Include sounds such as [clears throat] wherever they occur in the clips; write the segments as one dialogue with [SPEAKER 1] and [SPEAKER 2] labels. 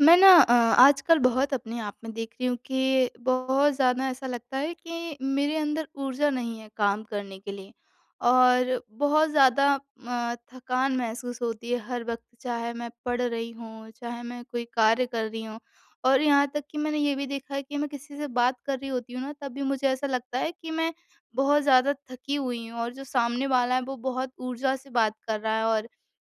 [SPEAKER 1] मैं ना अ, आजकल बहुत अपने आप में देख रही हूँ कि बहुत ज़्यादा ऐसा लगता है कि मेरे अंदर ऊर्जा नहीं है काम करने के लिए और बहुत ज़्यादा अ, थकान महसूस होती है हर वक़्त। चाहे मैं पढ़ रही हूँ, चाहे मैं कोई कार्य कर रही हूँ और यहाँ तक कि मैंने ये भी देखा है कि मैं किसी से बात कर रही होती हूँ ना, तब भी मुझे ऐसा लगता है कि मैं बहुत ज़्यादा थकी हुई हूँ और जो सामने वाला है, वो बहुत ऊर्जा से बात कर रहा है और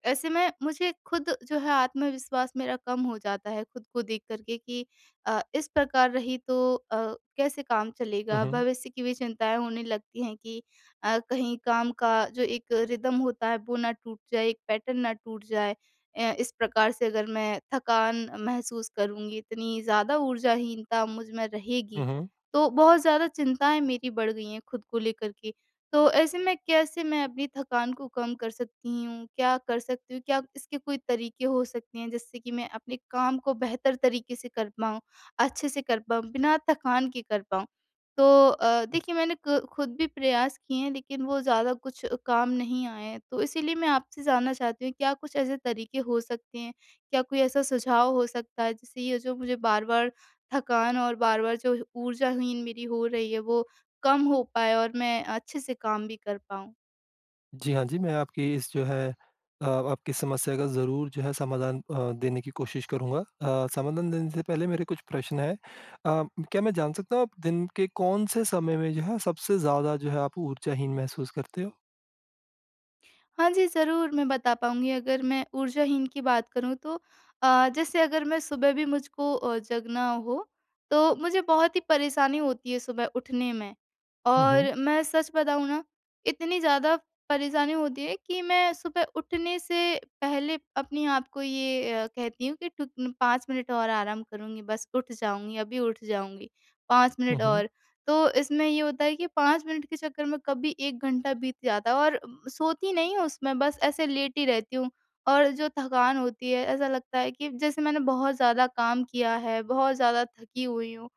[SPEAKER 1] ऐसे में मुझे खुद जो है, आत्मविश्वास मेरा कम हो जाता है, खुद को देख कर के कि अ, "इस प्रकार रही, तो अ, कैसे काम
[SPEAKER 2] हुँ,
[SPEAKER 1] चलेगा?"
[SPEAKER 2] हुँ।
[SPEAKER 1] भविष्य की भी चिंताएँ होने लगती हैं कि अ, कहीं काम का जो एक रिदम होता है, वो ना टूट जाए, एक पैटर्न ना टूट जाए। अ, इस प्रकार से अगर मैं थकान महसूस करूँगी, इतनी ज़्यादा ऊर्जाहीनता मुझ में रहेगी,
[SPEAKER 2] हुँ, हुँ।
[SPEAKER 1] तो बहुत ज़्यादा चिंताएँ मेरी बढ़ गई हैं खुद को लेकर के। तो ऐसे में कैसे मैं अपनी थकान को कम कर सकती हूँ? क्या कर सकती हूँ? क्या इसके कोई तरीके हो सकते हैं, जिससे कि मैं अपने काम को बेहतर तरीके से कर पाऊँ, अच्छे से कर पाऊँ, बिना थकान के कर पाऊँ? तो अ, देखिए, मैंने क खुद भी प्रयास किए हैं, लेकिन वो ज़्यादा कुछ काम नहीं आए हैं। तो इसीलिए मैं आपसे जानना चाहती हूँ, क्या कुछ ऐसे तरीके हो सकते हैं, क्या कोई ऐसा सुझाव हो सकता है, जिससे ये जो मुझे बार-बार थकान और बार-बार जो ऊर्जाहीन मेरी हो रही है, वो कम हो पाए और मैं अच्छे से काम भी कर पाऊँ?
[SPEAKER 2] जी, हाँ जी, मैं आपकी इस जो है अ, आपकी समस्या का ज़रूर जो है समाधान अ, देने की कोशिश करूँगा। अ, समाधान देने से पहले मेरे कुछ प्रश्न हैं अ, क्या मैं जान सकता हूँ आप दिन के कौन-से समय में जो है सबसे ज़्यादा जो है, आप ऊर्जाहीन महसूस करते हो?
[SPEAKER 1] हाँ जी, ज़रूर मैं बता पाऊँगी अगर मैं ऊर्जाहीन की बात करूँ तो अ, जैसे अगर मैं सुबह भी मुझको अ, जगना हो तो मुझे बहुत ही परेशानी होती है सुबह उठने में।
[SPEAKER 2] हुँ, हुँ।
[SPEAKER 1] और मैं सच बताऊँ ना इतनी ज़्यादा परेशानी होती है कि मैं सुबह उठने से पहले अपने आप को ये अ, कहती हूँ कि ट 5 मिनट और आराम करूँगी बस उठ जाऊँगी, अभी उठ जाऊँगी 5
[SPEAKER 2] हुँ,
[SPEAKER 1] मिनट
[SPEAKER 2] हुँ।
[SPEAKER 1] और। तो इसमें ये होता है कि 5 मिनट के चक्कर में कभी 1 घंटा बीत जाता है और सोती नहीं हूँ उसमें बस ऐसे लेटी रहती हूँ। और जो थकान होती है, ऐसा लगता है कि जैसे मैंने बहुत ज़्यादा काम किया है, बहुत ज़्यादा थकी हुई हूँ,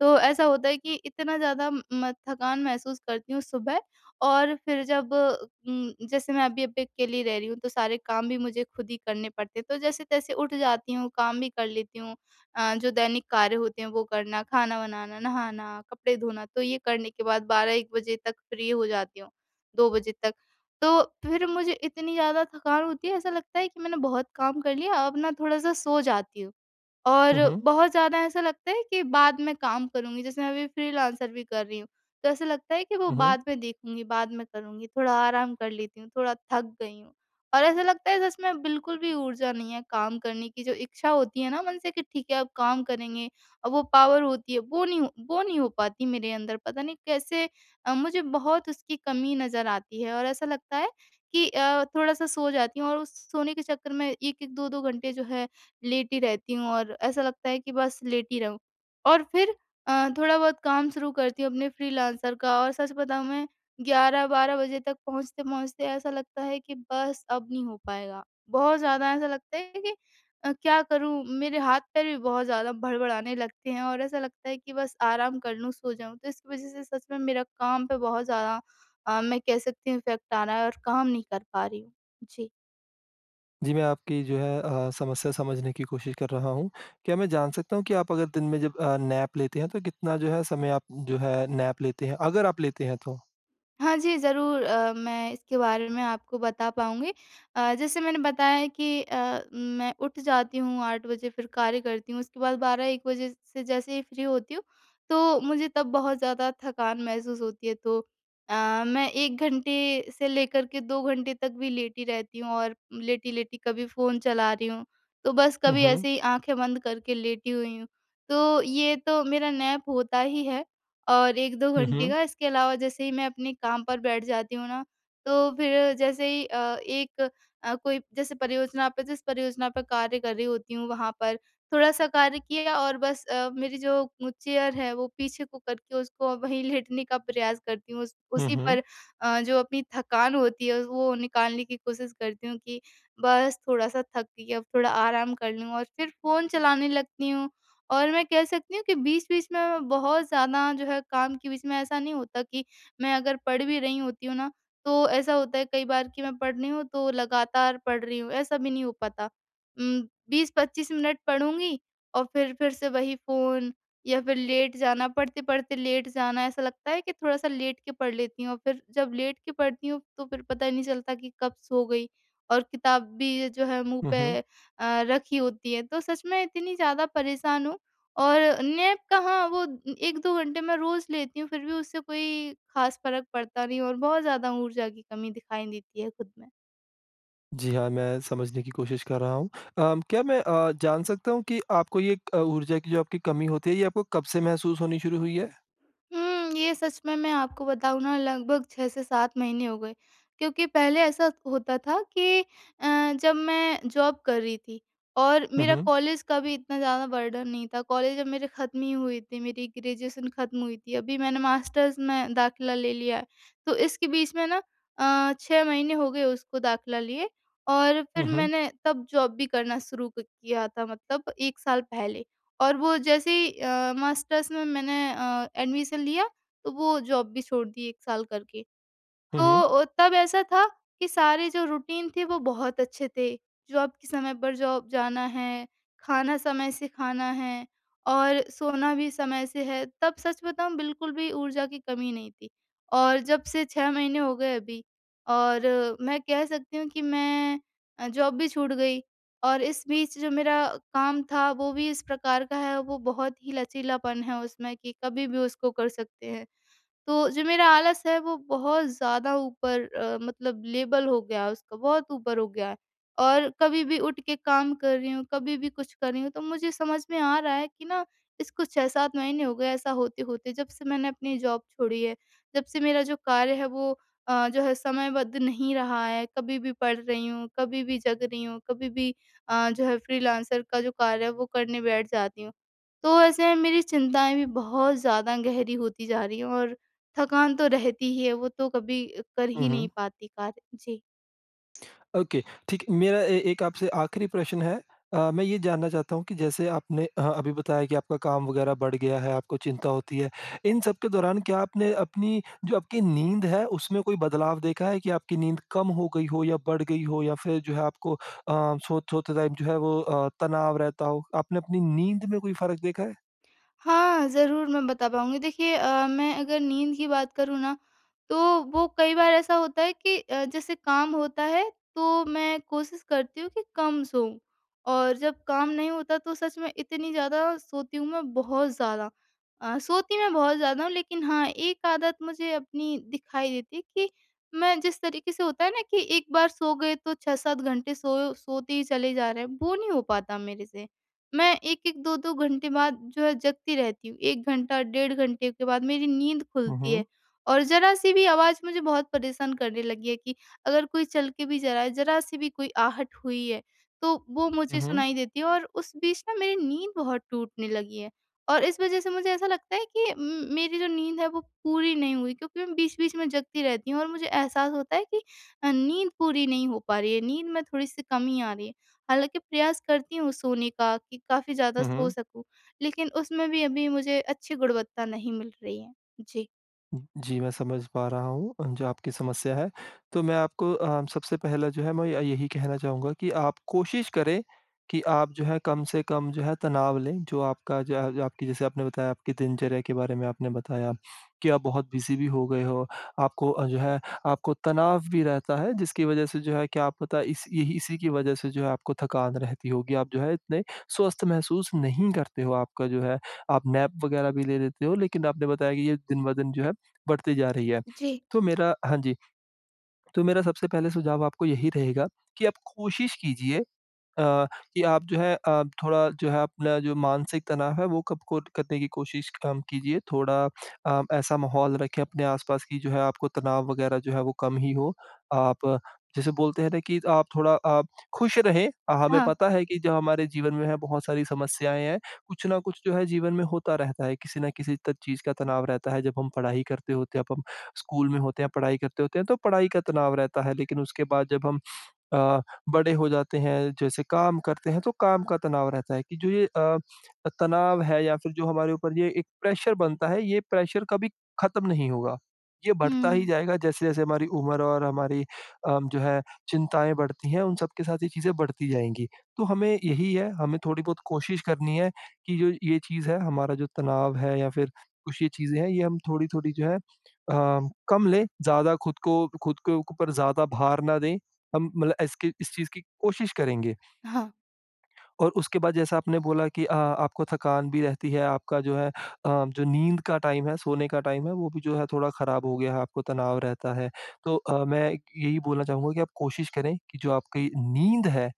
[SPEAKER 1] तो ऐसा होता है कि इतना ज़्यादा म थकान महसूस करती हूँ सुबह और फिर जब उम, जैसे मैं अभी यहाँ पे अकेली रह रही हूँ तो सारे काम भी मुझे खुद ही करने पड़ते हैं। तो जैसे-तैसे उठ जाती हूँ, काम भी कर लेती हूँ अ, जो दैनिक कार्य होते हैं वो करना, खाना बनाना, नहाना, कपड़े धोना तो ये करने के बाद 12-1 बजे तक फ्री हो जाती हूँ, 2 बजे तक। तो फिर मुझे इतनी ज़्यादा थकान होती है ऐसा लगता है, कि मैंने बहुत काम कर लिया, अब ना थोड़ा-सा सो जाती हूँ। और
[SPEAKER 2] हुँ, हुँ।
[SPEAKER 1] बहुत ज़्यादा ऐसा लगता है कि बाद में काम करूँगी जैसे मैं अभी फ्रीलांसर भी कर रही हूँ, तो ऐसा लगता है कि वो
[SPEAKER 2] हुँ, हुँ।
[SPEAKER 1] बाद में देखूँगी, बाद में करूँगी थोड़ा आराम कर लेती हूँ, थोड़ा थक गई हूँ। और ऐसा लगता है जैसे मैं बिल्कुल भी ऊर्जा नहीं है काम करने की, जो इच्छा होती है ना मन से कि ठीक है अब काम करेंगे वो पावर होती है वो नहीं वो नहीं हो पाती मेरे अंदर पता नहीं कैसे अ, मुझे बहुत उसकी कमी नज़र आती है और ऐसा लगता है कि अ, थोड़ा-सा सो जाती हूँ और उस सोने के चक्कर में 1-1, 2-2 घंटे जो है लेटी रहती हूँ और ऐसा लगता है कि बस लेटी रहुँ। और फिर अ, थोड़ा बहुत काम शुरू करती हूँ अपने फ्रीलांसर का और सच बताऊँ मैं 11-12 बजे तक पहुँचते-पहुँचते ऐसा लगता है कि बस अब नहीं हो पाएगा बहुत ज़्यादा ऐसा लगता है कि अ, क्या करूँ मेरे हाथ-पैर भी बहुत ज़्यादा भड़भड़ाने लगते हैं और ऐसा लगता है कि बस आराम कर लूँ, सो जाऊँ। तो इसकी वज़ह से सच में मेरा काम पे बहुत ज़्यादा अ, मैं कह सकती हूँ इफेक्ट आ रहा है और काम नहीं कर पा रही हूँ। जी।
[SPEAKER 2] जी, मैं आपकी जो है अ, समस्या समझने की कोशिश कर रहा हूँ। क्या मैं जान सकता हूँ कि आप अगर दिन में जब अ, नैप लेते हैं तो कितना जो है समय आप जो है नैप लेते हैं, अगर आप लेते हैं तो?
[SPEAKER 1] हाँ जी, ज़रूर अ, मैं इसके बारे में आपको बता पाऊँगी। अ, जैसे मैंने बताया है कि अ, मैं उठ जाती हूँ, 8 बजे फिर कार्य करती हूँ, उसके बाद 12-1 बजे से जैसे ही फ्री होती हूँ तो मुझे तब बहुत ज़्यादा थकान महसूस होती है, तो अ, मैं 1 घंटे से लेकर के 2 घंटे तक भी लेटी रहती हूँ। और लेटी-लेटी कभी फ़ोन चला रही हूँ, तो बस
[SPEAKER 2] हुँ,
[SPEAKER 1] कभी
[SPEAKER 2] हुँ।
[SPEAKER 1] ऐसे ही आँखें बंद करके लेटी हुई हूँ। तो ये तो मेरा नैप होता ही है और 1-2
[SPEAKER 2] हुँ,
[SPEAKER 1] घंटे
[SPEAKER 2] हुँ।
[SPEAKER 1] का इसके अलावा जैसे ही मैं अपने काम पर बैठ जाती हूँ ना, तो फिर जैसे ही अ, एक अ, कोई जैसे परियोजना पर जिस परियोजना पर कार्य कर रही होती हूँ वहाँ पर थोड़ा-सा कार्य किया और बस अ, मेरी जो चेयर है वो पीछे को करके उसको वही लेटने का प्रयास करती हूँ उस
[SPEAKER 2] हुँ,
[SPEAKER 1] उसी
[SPEAKER 2] हुँ।
[SPEAKER 1] पर अ, जो अपनी थकान होती है, वो निकालने की कोशिश करती हूँ कि बस थोड़ा-सा थक गई अब थोड़ा आराम कर लूँ और फिर फ़ोन चलाने लगती हूँ। और मैं कह सकती हूँ कि बीच-बीच में मैं बहुत ज़्यादा जो है, काम के बीच में ऐसा नहीं होता कि मैं अगर पढ़ भी रही होती हूँ ना तो ऐसा होता है कई बार कि मैं पढ़ रही हूँ तो लगातार पढ़ रही हूँ ऐसा भी नहीं हो पाता। उम, 20-25 मिनट पढूँगी औ फिर, फिर से वही फ़ोन या फिर लेट जाना, पढ़ते-पढ़ते लेट जाना ऐसा लगता है कि थोड़ा-सा लेट के पढ़ लेती हूँ अ, फिर जब लेट के पढ़ती हूँ, तो फिर पता नहीं चलता कि कब सो गई और किताब भी ये जो है मुँह
[SPEAKER 2] हुँ, हुँ।
[SPEAKER 1] पे अ, रखी होती है। तो सच में इतनी ज़्यादा परेशान हूँ और नैप कहाँ वो 1-2 घंटे मैं रोज़ लेती हूँ फिर भी उससे कोई खास फ़र्क पड़ता नहीं और बहुत ज़्यादा ऊर्जा की कमी दिखाई देती है खुद में।
[SPEAKER 2] जी हाँ, मैं समझने की कोशिश कर रहा हूँ। अम क्या मैं अ, जान सकता हूँ कि आपको ये क ऊर्जा की जो आपकी कमी होती है, ये आपको कब से महसूस होनी शुरू हुई है?
[SPEAKER 1] उम, ये सच में मैं आपको बताऊँ ना, लगभग 6 से 7 महीने हो गए। क्योंकि पहले ऐसा होता था कि अ, जब मैं जॉब कर रही थी, और
[SPEAKER 2] हुँ,
[SPEAKER 1] मेरा
[SPEAKER 2] हुँ।
[SPEAKER 1] कॉलेज का भी इतना ज़्यादा बर्डन नहीं था, कॉलेज जब मेरी खत्म ही हुई थी, मेरी ग्रेजुएशन खत्म हुई थी अभी मैंने मास्टर्स में दाखिला ले लिया। तो इसके बीच में ना अ, 6 महीने हो गए उसको दाखिला लिए और
[SPEAKER 2] हुँ,
[SPEAKER 1] फिर
[SPEAKER 2] हुँ।
[SPEAKER 1] मैंने तब जॉब भी करना शुरू क किया था मतलब 1 साल पहले, और वो जैसे ही अ, मास्टर्स में मैंने अ, एडमिशन लिया, तो वो जॉब भी छोड़ दी 1 साल करके।
[SPEAKER 2] हुँ,
[SPEAKER 1] तो
[SPEAKER 2] हुँ।
[SPEAKER 1] अ, तब ऐसा था, कि सारे जो रूटीन थी, वो बहुत अच्छे थे। जॉब के समय पर जॉब जाना है, खाना समय से खाना है, और सोना भी समय से है। तब सच बताऊँ बिल्कुल भी ऊर्जा की कमी नहीं थी, और जब से 6 महीने हो गए अभी और मैं कह सकती हूँ कि मैं अ, जॉब भी छूट गई, और इस बीच जो मेरा अ, काम था वो भी इस प्रकार का है, वो बहुत ही लचीलापन है उसमें कि कभी भी उसको कर सकते हैं। तो जो मेरा आलस है, वो बहुत ज़्यादा ऊपर अ, मतलब लेबल हो गया है उसको बहुत ऊपर हो गया है, और कभी भी उठ के काम कर रही हूँ, कभी भी कुछ कर रही हूँ तो मुझे समझ में आ रहा है कि ना, इसको 6-7 महीने हो गए ऐसा होते-होते जब से मैंने अपनी जॉब छोड़ी है, जब से मेरा जो कार्य है वो अ, जो है समयबद्ध नहीं रहा है। कभी भी पढ़ रही हूँ, कभी भी जग रही हूँ, कभी भी अ, जो है फ्रीलांसर का जो कार्य है, वो करने बैठ जाती हूँ। तो ऐसे मेरी चिंताएँ भी बहुत ज़्यादा गहरी होती जा रही हैं और थकान तो रहती ही है, वो तो कभी अ, कर ही नहीं
[SPEAKER 2] उहुँ।
[SPEAKER 1] पाती कार्य। जी।
[SPEAKER 2] [smacks lips] ओके ठीक। मेरा ए एक आपसे आख़िरी प्रश्न है। अ, मैं ये जानना चाहता हूँ कि जैसे आपने अ अभी बताया कि आपका काम वग़ैरह बढ़ गया है, आपको चिंता होती है इन सब के दौरान, क्या आपने अपनी जो आपकी नींद है उसमें कोई बदलाव देखा है कि आपकी नींद कम हो गई हो या बढ़ गई हो या फ़िर जो है आपको अ, सो सोते टाइम जो है वो अ, तनाव रहता हो? आपने अपनी नींद में कोई फ़र्क देखा है?
[SPEAKER 1] हाँ, ज़रूर मैं बता पाऊँगी। देखिए अ, मैं अगर नींद की बात करूँ ना तो वो कई बार ऐसा होता है कि अ, जैसे काम होता है तो मैं कोशिश करती हूँ कि कम सोऊँ। और जब काम नहीं होता तो सच में इतनी ज़्यादा सोती हूँ मैं बहुत ज़्यादा। अ, सोती मैं बहुत ज़्यादा हूँ लेकिन हाँ 1 आदत मुझे अपनी दिखाई देती कि मैं जिस तरीके से होता है ना कि एक बार सो गए तो 6-7 घंटे सो सोते ही चले जा रहे हैं वो नहीं हो पाता मेरे से। मैं 1-1, 2-2 घंटे बाद जो है जगती रहती हूँ। 1 घंटा डेढ़ घंटे के बाद मेरी नींद
[SPEAKER 2] हुँ,
[SPEAKER 1] खुलती है।
[SPEAKER 2] हुँ।
[SPEAKER 1] और ज़रा-सी भी आवाज़ मुझे बहुत परेशान करने लगी है कि अगर कोई चल के भी जा रहा है ज़रा-सी भी कोई आहट हुई है तो वो
[SPEAKER 2] हुँ,
[SPEAKER 1] मुझे
[SPEAKER 2] हुँ।
[SPEAKER 1] सुनाई देती है और उस बीच ना मेरी नींद बहुत टूटने लगी है। और इस वजह से मुझे ऐसा लगता है कि उम, मेरी जो नींद है वो पूरी नहीं हुई क्योंकि मैं बीच-बीच में जगती रहती हूँ और मुझे एहसास होता है कि अ, नींद पूरी नहीं हो पा रही है नींद में थोड़ी-सी कमी आ रही है। हालाँकि, प्रयास करती हूँ सोने का कि काफ़ी ज़्यादा
[SPEAKER 2] हुँ,
[SPEAKER 1] सो
[SPEAKER 2] हुँ।
[SPEAKER 1] सकूँ। लेकिन उसमें भी अभी मुझे अच्छी गुणवत्ता नहीं मिल रही है। जी।
[SPEAKER 2] जी, मैं समझ पा रहा हूँ अ, जो आपकी समस्या है। तो मैं आपको अ, सबसे पहला जो है, मैं य यही कहना चाहूँगा कि आप कोशिश करें कि आप जो है कम से कम जो है तनाव लें जो आपका ज जो आपकी जैसे आपने बताया आपकी दिनचर्या के बारे में आपने बताया कि आप बहुत बिज़ी भी हो गए हो। आपको अ, जो है आपको तनाव भी रहता है जिसकी वजह से जो है क्या आप पता इस यही इसी की वजह से जो है आपको थकान रहती होगी। आप जो है इतने स्वस्थ महसूस नहीं करते हो आपका जो है आप नैप वग़ैरह भी ले लेते हो लेकिन आपने बताया कि ये दिन ब दिन जो है बढ़ती जा रही है।
[SPEAKER 1] जी।
[SPEAKER 2] तो मेरा हाँ जी, तो मेरा सबसे पहले सुझाव आपको यही रहेगा कि आप कोशिश कीजिए अ, कि आप जो है अ, थोड़ा जो है अपना जो मानसिक तनाव है वो कब को करने की कोशिश कम कीजिए थोड़ा अ, ऐसा माहौल रखें अपने आस-पास कि जो है आपको तनाव वग़ैरह जो है वो कम ही हो। आप जैसे बोलते हैं ना कि, आप थोड़ा आप ख़ुश रहें हमें
[SPEAKER 1] हाँ।
[SPEAKER 2] पता है कि जो हमारे जीवन में है बहुत सारी समस्याएँ हैं। कुछ न कुछ जो है जीवन में होता रहता है किसी न किसी त चीज़ का तनाव रहता है जब हम पढ़ाई करते होते हैं अब हम स्कूल में होते हैं पढ़ाई करते होते हैं तो पढ़ाई का तनाव रहता है। लेकिन उसके बाद जब हम अ, बड़े हो जाते हैं जैसे काम करते हैं तो काम का तनाव रहता है कि जो ये अ अ, तनाव है या फ़िर जो हमारे ऊपर ये एक प्रेशर बनता है ये प्रेशर कभी ख़त्म नहीं होगा। ये बढ़ता ही
[SPEAKER 1] हुँ।
[SPEAKER 2] जाएगा जैसे-जैसे हमारी उम्र और हमारी अ, जो है चिंताएँ बढ़ती हैं उन सब के साथ, चीज़ें बढ़ती जाएँगी। तो हमें यही है हमें थोड़ी बहुत कोशिश करनी है कि जो ये चीज़ है हमारा जो तनाव है या फ़िर कुछ ये चीज़ें हैं ये हम थोड़ी-थोड़ी जो है अ, कम लें ज़्यादा ख़ुद को ख़ुद के ऊपर ज़्यादा भार ना दें। हम मतलब इसकी इस चीज़ की कोशिश करेंगे।
[SPEAKER 1] हाँ।
[SPEAKER 2] और उसके बाद जैसा आपने बोला कि अ आपको थकान भी रहती है, आपका जो है अ, जो नींद का टाइम है सोने का टाइम है वो भी जो है थोड़ा ख़राब हो गया है आपको तनाव रहता है। तो अ, मैं इक यही बोलना चाहूँगा कि आप कोशिश करें कि जो आपकी नींद है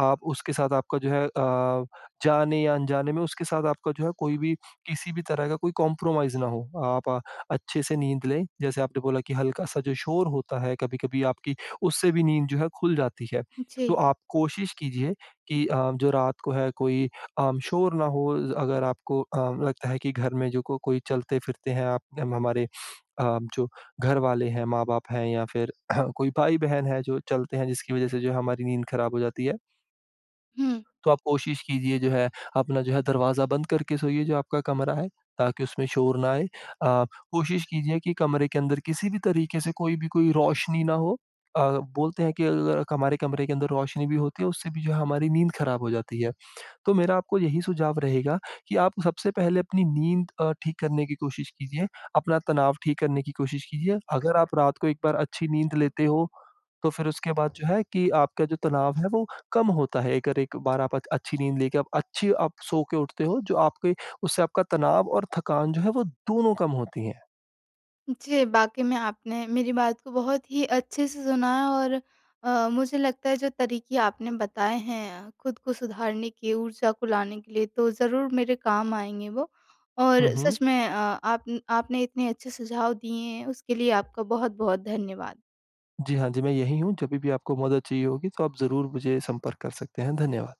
[SPEAKER 2] आप उसके साथ आपका जो है अ, जाने या अनजाने में उसके साथ आपका जो है कोई भी किसी भी तरह का कोई कंप्रोमाइज़ ना हो। आप अच्छे से नींद लें जैसे आपने बोला कि हल्का-सा जो शोर होता है कभी-कभी आपकी उससे भी नींद जो है ख़ुल जाती है। तो
[SPEAKER 1] जी।
[SPEAKER 2] आप कोशिश कीजिए कि अ, जो रात को है कोई अ, शोर ना हो ज़ अगर आपको अ, लगता है कि घर में जो को कोई चलते-फिरते हैं आप हम हमारे अ, जो घर वाले हैं, माँ-बाप हैं या फ़िर [clears throat] कोई भाई-बहन है जो चलते हैं जिसकी वजह से जो हमारी नींद ख़राब हो जाती है।
[SPEAKER 1] हुँ।
[SPEAKER 2] तो आप कोशिश कीजिए, जो है, अपना जो है, दरवाज़ा बंद करके सोइए, जो आपका कमरा है, ताकि उसमें शोर ना आए। अ, कोशिश कीजिए कि कमरे के अंदर किसी भी तरीके से कोई भी कोई रोशनी ना हो। अ, बोलते हैं कि अ, ल क हमारे कमरे के अंदर रोशनी भी होती है, उससे भी जो है, हमारी नींद खराब हो जाती है। तो मेरा आपको यही सुझाव रहेगा कि आप सबसे पहले अपनी नींद अ, ठीक करने की कोशिश कीजिए, अपना तनाव ठीक करने की कोशिश कीजिए। अगर आप रात को एक बार अच्छी नींद लेते हो, तो फिर उसके बाद जो है कि आपका जो तनाव है, वो कम होता है। एक अर एक बार आप आद अच्छी नींद लेके आप अच्छी आप सो के उठते हो, जो आपके उससे आपका तनाव और थकान जो है, वो दोनों कम होती हैं।
[SPEAKER 1] जी, बाकी में आपने मेरी बात को बहुत ही अच्छे से सुना है और अ, मुझे लगता है, जो तरीके आपने बताए हैं, खुद को सुधारने के, ऊर्जा को लाने के लिए, तो ज़रूर मेरे काम आएँगे वो और
[SPEAKER 2] हुँ, हुँ।
[SPEAKER 1] सच में अ, आपन आपने इतने अच्छे सुझाव दिए हैं, उसके लिए आपका बहुत-बहुत धन्यवाद।
[SPEAKER 2] जी, हाँ जी, मैं यही हूँ। जभी भी आपको मदद चाहिए होगी, तो आप ज़रूर मुझे संपर्क कर सकते हैं। धन्यवाद।